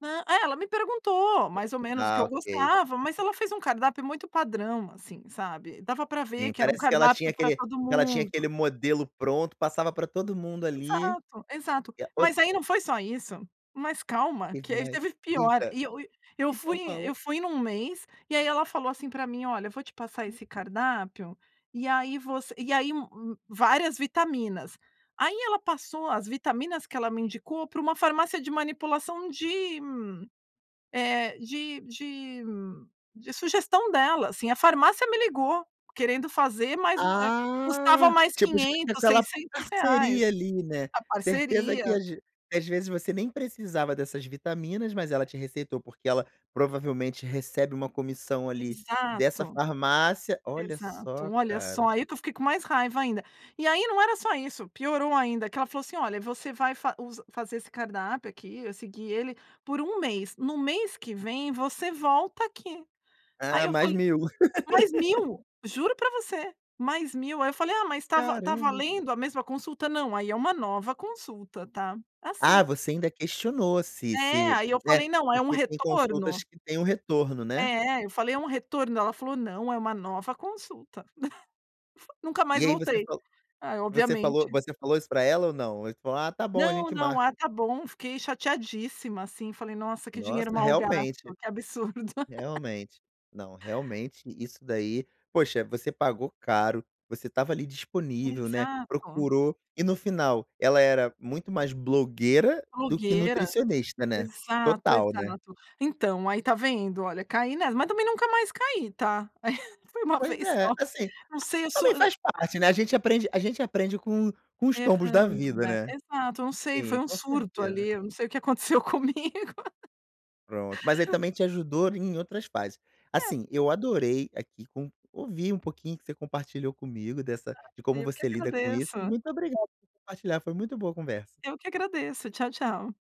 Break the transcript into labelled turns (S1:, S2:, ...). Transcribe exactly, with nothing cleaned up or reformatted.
S1: Ah, ai ela me perguntou mais ou menos o que
S2: Ah
S1: eu
S2: ok.
S1: gostava, mas ela fez um cardápio muito padrão, assim, sabe, dava pra ver
S2: Sim,
S1: que era um
S2: parece que ela tinha
S1: cardápio pra
S2: aquele
S1: todo
S2: que ela tinha
S1: mundo.
S2: aquele modelo pronto, passava pra todo mundo ali
S1: Exato, exato,
S2: que é os
S1: mas aí não foi só isso, mas calma, que aí
S2: Demais,
S1: teve pior,
S2: eita,
S1: e eu fui
S2: então falou.
S1: eu fui num mês, e aí ela falou assim pra mim: "Olha, vou te passar esse cardápio e aí você" e aí várias vitaminas, aí ela passou as vitaminas que ela me indicou pra uma farmácia de manipulação de hum, eh, de de hum de sugestão dela assim, a farmácia me ligou querendo fazer, mas, eh, custava
S2: Ah,
S1: mais
S2: tipo
S1: quinhentos,
S2: aquela
S1: seiscentos reais
S2: parceria ali, né,
S1: a
S2: certeza
S1: parceria.
S2: que às vezes você nem precisava dessas vitaminas, mas ela te receitou porque ela provavelmente recebe uma comissão ali dessa
S1: Exato,
S2: farmácia, olha
S1: exato,
S2: só
S1: olha só,
S2: cara.
S1: aí que eu fiquei com mais raiva ainda, e aí não era só isso, piorou ainda, que ela falou assim: "Olha, você vai faz us fazer esse cardápio aqui, vai seguir ele por um mês, no mês que vem você volta aqui", aí
S2: Ah,
S1: eu
S2: mais
S1: falei:
S2: mil.
S1: "Mais mil", juro pra você, mais mil, aí eu falei: "Ah, mas está va está
S2: Caramba.
S1: valendo a mesma consulta", não, aí é uma nova consulta, tá,
S2: Ah,
S1: assim.
S2: você ainda questionou se
S1: É,
S2: se,
S1: aí eu
S2: né,
S1: falei, não, é um
S2: porque tem consultas
S1: retorno?
S2: que têm o retorno, né.
S1: É, eu falei, um retorno? Ela falou, não, é uma nova consulta, nunca mais
S2: E aí você
S1: voltei,
S2: falou
S1: ah,
S2: você falou
S1: obviamente.
S2: você falou isso pra ela ou não? Ou você falou: "Ah, tá bom, a
S1: Não,
S2: gente
S1: não, ah,
S2: marca."
S1: tá bom, fiquei chateadíssima, assim, falei, nossa, que dinheiro
S2: Nossa,
S1: mal gasto,
S2: realmente,
S1: que absurdo.
S2: realmente. Não, realmente isso daí, poxa, você pagou caro, você estava ali disponível, né,
S1: Exato.
S2: procurou, e no final, ela era muito mais blogueira do que
S1: Blogueira,
S2: nutricionista, né,
S1: exato,
S2: total, né.
S1: exato, então, aí tá vendo, olha caí nessa mas também nunca mais caí tá. Aí foi uma
S2: Pois
S1: vez
S2: é,
S1: só
S2: assim,
S1: não sei eu
S2: também
S1: sou
S2: faz parte, né, a gente aprende a gente aprende com com os tombos da
S1: Errando,
S2: vida,
S1: né,
S2: né.
S1: exato, eu não sei, foi
S2: Sim
S1: um
S2: com
S1: surto
S2: certeza.
S1: ali, eu não sei o que aconteceu comigo.
S2: Pronto, mas aí também te ajudou em outras fases.
S1: É.
S2: Assim, eu adorei aqui com ouvir um pouquinho que você compartilhou comigo dessa de como
S1: Eu que
S2: você lida com isso e
S1: agradeço.
S2: muito obrigado por compartilhar, foi muito boa a conversa.
S1: Eu que agradeço, tchau tchau.